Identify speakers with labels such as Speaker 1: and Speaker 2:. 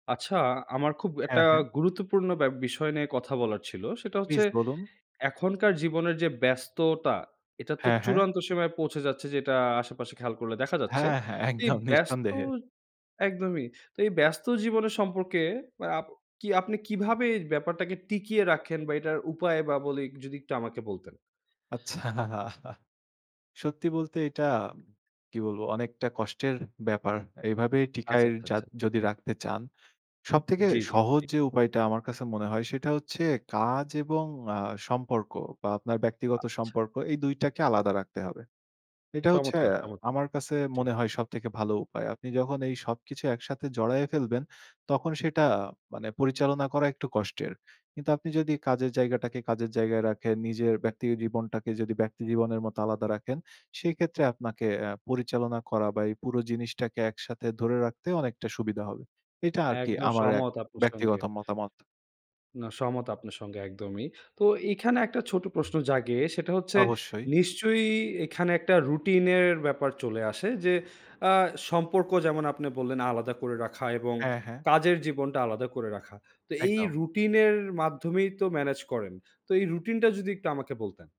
Speaker 1: আচ্ছা, আমার খুব একটা
Speaker 2: হ্যাঁ, হ্যাঁ।
Speaker 1: গুরুত্বপূর্ণ ব্যা বিষয় নিয়ে কথা বলার ছিল। সেটা হচ্ছে
Speaker 2: প্লিজ বলুন।
Speaker 1: এখনকার জীবনের যে ব্যস্ততা এটা তো
Speaker 2: হ্যাঁ, হ্যাঁ।
Speaker 1: চূড়ান্ত সীমায় পৌঁছে যাচ্ছে যেটা আশেপাশে খেয়াল করলে দেখা যাচ্ছে।
Speaker 2: হ্যাঁ, হ্যাঁ।
Speaker 1: তো এই
Speaker 2: একদম
Speaker 1: ব্যস্ত
Speaker 2: নিঃসন্দেহে।
Speaker 1: একদমই, তো এই ব্যস্ত জীবনের সম্পর্কে আপ কি আপনি কীভাবে এই ব্যাপারটাকে টিকিয়ে রাখেন বা এটার উপায় বা বলি একটু যদি একটু আমাকে বলতেন।
Speaker 2: আচ্ছাহ, আহা সত্যি বলতে এইটা কি বলব অনেকটা কষ্টের ব্যাপার। এভাবেই
Speaker 1: আচ্ছা,
Speaker 2: টিকায়
Speaker 1: আচ্ছা,
Speaker 2: যাদ
Speaker 1: আচ্ছা।
Speaker 2: যদি রাখতে চান, সব থেকে
Speaker 1: জ্বি, জ্বি।
Speaker 2: সহজ
Speaker 1: ঠিক।
Speaker 2: যে উপায়টা আমার কাছে মনে হয় সেটা হচ্ছে কাজ এবং আ সম্পর্ক বা আপনার ব্যক্তিগত
Speaker 1: আচ্ছা।
Speaker 2: সম্পর্ক এই ২ টাকে আলাদা রাখতে হবে। এটা হচ্ছে
Speaker 1: চমৎকার, চমত
Speaker 2: আমার কাছে
Speaker 1: জী।
Speaker 2: মনে হয় সবথেকে ভালো উপায়। আপনি যখন এই সবকিছু একসাথে জড়ায়ে ফেলবেন তখন সেটা মানে পরিচালনা করা একটু কষ্টের। কিন্তু আপনি যদি কাজের জায়গাটাকে কাজের জায়গায় রাখেন, নিজের ব্যক্তি জীবনটাকে যদি ব্যক্তি জীবনের মত আলাদা রাখেন, সেইক্ষেত্রে আপনাকে এ্যা পরিচালনা করা বা এই পুরো জিনিসটাকে একসাথে ধরে রাখতে অনেকটা সুবিধা হবে। এটা আরকি
Speaker 1: একদম
Speaker 2: আমার এক
Speaker 1: সহমত আপনার সঙ্গে।
Speaker 2: ব্যক্তিগত মতামত
Speaker 1: না, সহমত আপনার সঙ্গে একদমই। তো এইখানে একটা ছোট প্রশ্ন জাগে। সেটা হচ্ছে
Speaker 2: অবশ্যই।
Speaker 1: নিশ্চয়ই এইখানে একটা রুটিন এর ব্যাপার চলে আসে। যে আ সম্পর্ক যেমন আপনি বললেন আলাদা করে রাখা এবং
Speaker 2: হ্যাঁ, হ্যাঁ।
Speaker 1: কাজের জীবনটা আলাদা করে রাখা। তো এই
Speaker 2: একদম।
Speaker 1: রুটিন এর মাধ্যমেই তো মেনেজ করেন। তো এই রুটিন টা যদি একটু আমাকে বলতেন?